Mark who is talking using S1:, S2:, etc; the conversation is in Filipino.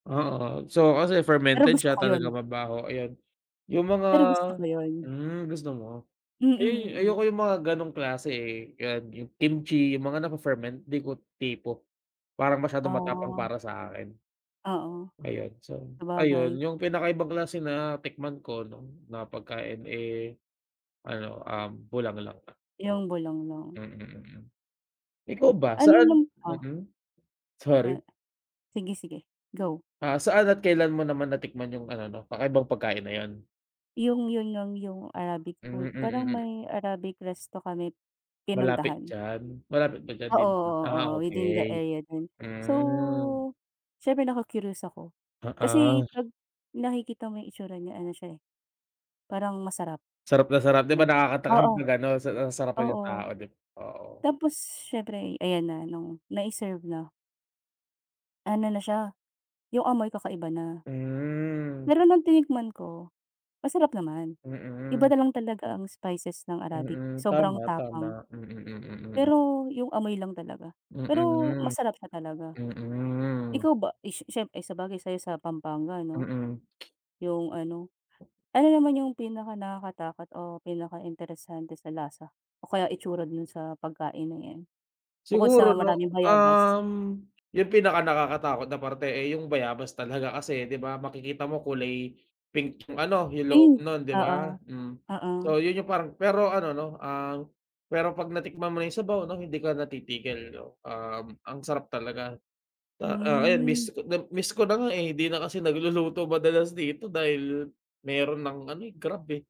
S1: Oo, so kasi
S2: Pero
S1: fermented
S2: gusto
S1: siya,
S2: ko 'yon.
S1: talagang mabaho, ayan. Yung mga
S2: Pero gusto ko 'yun.
S1: hmm, gusto mo.
S2: Mm,
S1: Ay,
S2: mm.
S1: ayoko yung mga ganong klase, eh, yan yung kimchi, yung mga nafe-ferment, di ko tipo. Parang masyadong matapang
S2: Oh.
S1: para sa akin.
S2: Oo,
S1: Ayun, so, ayun
S2: sabagay.
S1: yung pinakaibang klase na tikman ko 'no, na pagkain, eh, ano, um, bulanglang lang, oo.
S2: Yung bulanglang.
S1: Mm, mm. Ikaw ba
S2: Ano yung
S1: saan
S2: lam oh.
S1: mm, sorry.
S2: Sige, sige, go.
S1: Ah, saan at kailan mo naman natikman yung ano 'no, kakaibang pagkain na yun?
S2: Yung yun, ng yung Arabic
S1: Hmm,
S2: food, parang
S1: mm, mm.
S2: may Arabic resto kami
S1: Malapit
S2: pinuntahan.
S1: diyan, malapit ba diyan
S2: Oo,
S1: din
S2: oo,
S1: ah,
S2: oo, within the
S1: okey,
S2: area lang.
S1: hmm.
S2: So, siyempre naku-curious ako,
S1: Oo.
S2: kasi pag nakikita mo yung hitsura niya, ano siya, eh. Parang masarap,
S1: Sarap na sarap, di ba
S2: ganun
S1: nakakatakam
S2: oo.
S1: pag ano, sa ah, sarapan yung
S2: Oo.
S1: tao dib oo.
S2: Tapos, siyempre ayan na nung nai-serve na ano na siya, yung amoy kakaiba na.
S1: Hmm.
S2: Pero nung tinikman ko, masarap naman. Iba
S1: Mm.
S2: na lang talaga ang spices ng Arabic,
S1: Mm,
S2: sobrang
S1: tama,
S2: tapang.
S1: tama, mm, mm, mm.
S2: Pero yung amoy lang talaga, pero
S1: Mm,
S2: masarap siya talaga.
S1: mm.
S2: Ikaw ba ish siyempre, eh, sabagay sa'yo sa Pampanga, no?
S1: Mm.
S2: Yung ano ano naman yung pinakanakakatakot o pinakainteresante sa lasa o kaya itsura dun sa pagkain 'no em bukod sa
S1: Siguro no,
S2: maraming bayabas?
S1: um, yung pinakanakakatakot na parte, eh, yung bayabas talaga kasi di ba makikita mo kulay pink ano yung loob
S2: Ayun
S1: nun di
S2: oo,
S1: ba, hmm.
S2: oo.
S1: So yun yung parang pero ano, no, ang pero 'pag natikman mo yung sabaw, no, hindi ka na titigil, no. Um, ang sarap talaga, ah, ayan,
S2: Hmm.
S1: miss ko nab miss ko na nga, eh, hindi na kasi nagluluto madalas dito dahil meron nang ano, Grab, eh.